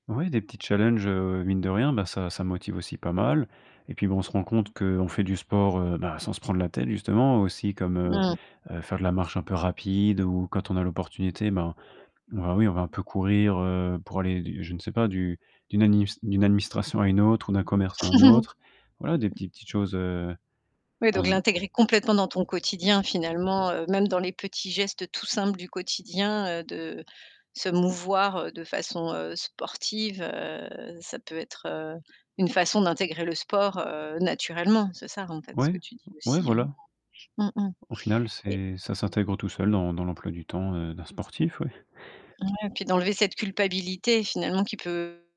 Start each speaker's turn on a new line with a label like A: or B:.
A: Oui, des petits challenges, heu, mine de rien, bah, ça ça me motive aussi pas mal et puis, bah, on se rend compte qu'on fait du sport, heu, ben, sans se prendre la tête justement, aussi comme,
B: Mmh
A: heu
B: mh.
A: heu, faire de la marche un peu rapide ou quand on a l'opportunité, ben ben, oui, on va un peu courir, heu, pour aller, je ne sais pas, d'u d'une adinis d'une administration à une autre ou d'un commerce à un autre, voilà, des petites petites choses, heu
B: Oui
A: on
B: donc
A: ze
B: l'intégrer complètement dans ton quotidien finalement, heu, même dans les petits gestes tout simples du quotidien, heu, de se mouvoir de façon, heu, sportive, heu, ça peut être, heu, une façon d'intégrer le sport, heu, naturellement, c'est ça, en fait, ce que
A: Ouais,
B: tu dis
A: ouais,
B: aussi, hein?
A: voilà.
B: Mmh mh.
A: Au final,
B: Et
A: c'est ça s'intègre tout seul dans dans l'emploi du temps, heu, d'un sportif, ouais.
B: Ouais puis d'enlever cette culpabilité finalement qui peut